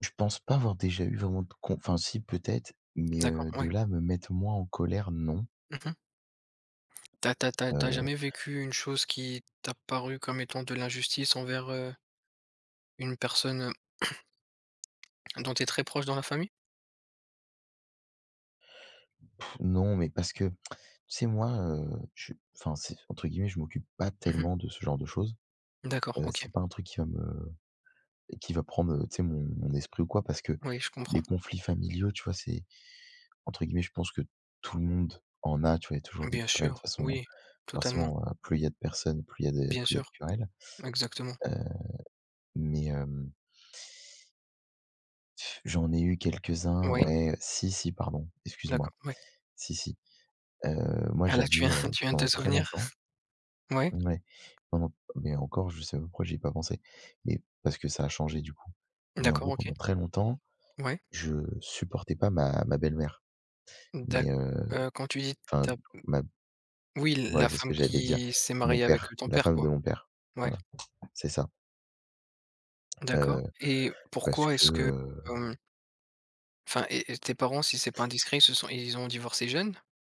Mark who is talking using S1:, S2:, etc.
S1: Je pense pas avoir déjà eu vraiment de conf enfin si peut-être mais
S2: D'accord,
S1: heu, de
S2: ouais.
S1: là à me mettre moi en colère, non.
S2: Mmh mh. Tu as tu as tu as tu as
S1: Heu
S2: jamais vécu une chose qui t'a paru comme étant de l'injustice envers, heu une personne, heu, dont tu es très proche dans la famille?
S1: Non mais parce que, tu sais, moi, heu, je enfin c'est entre guillemets «je m'occupe pas
S2: Mmh mh.
S1: tellement de ce genre de choses.»
S2: D'accord,
S1: Heu,
S2: OK.
S1: c'est pas un truc qui va me qui va prendre tu sais mon mon esprit ou quoi. Parce que
S2: Oui, je comprends.
S1: les conflits familiaux tu vois c'est entre guillemets, je pense que «tout le monde en a» tu vois, il y a toujours des
S2: Bien
S1: querelles de toute
S2: sûr,
S1: façon,
S2: oui, totalement.
S1: forcément, heu, plus il y a de personnes, plus il y a de
S2: Bien
S1: plus il y a de
S2: sûr,
S1: querelles,
S2: exactement.
S1: heu mais hem J'en ai eu quelques-uns
S2: Oui.
S1: ouais, si, si pardon, excuse moi.
S2: D'accord, oui.
S1: Si, si, heu, moi
S2: Ah là, tu
S1: j'avais,
S2: viens
S1: heu,
S2: tu viens de te
S1: pendant très
S2: souvenir.
S1: longtemps
S2: Ouais.
S1: ouais, pendant mais encore je sais même pourquoi j'y ai pas pensé, mais parce que ça a changé du coup. Mais en
S2: D'accord,
S1: gros,
S2: OK.
S1: pendant très longtemps,
S2: Ouais.
S1: je supportais pas ma ma belle-mère.
S2: D'ac
S1: Mais heu
S2: heu, quand tu dis
S1: enfin
S2: ta m
S1: ma
S2: oui l la
S1: voilà, c'est ce
S2: femme
S1: que j'allais dire.
S2: qui s'est
S1: Mon
S2: mariée avec, heu,
S1: père,
S2: ton
S1: la
S2: père,
S1: femme
S2: quoi.
S1: de mon père,
S2: Ouais.
S1: voilà, c'est ça.
S2: D'accord
S1: Heu,
S2: et
S1: parce
S2: pourquoi
S1: que
S2: est-ce que
S1: heu
S2: hem enfin et et tes parents si c'est pas indiscret, ils se sont ils ont divorcé jeunes?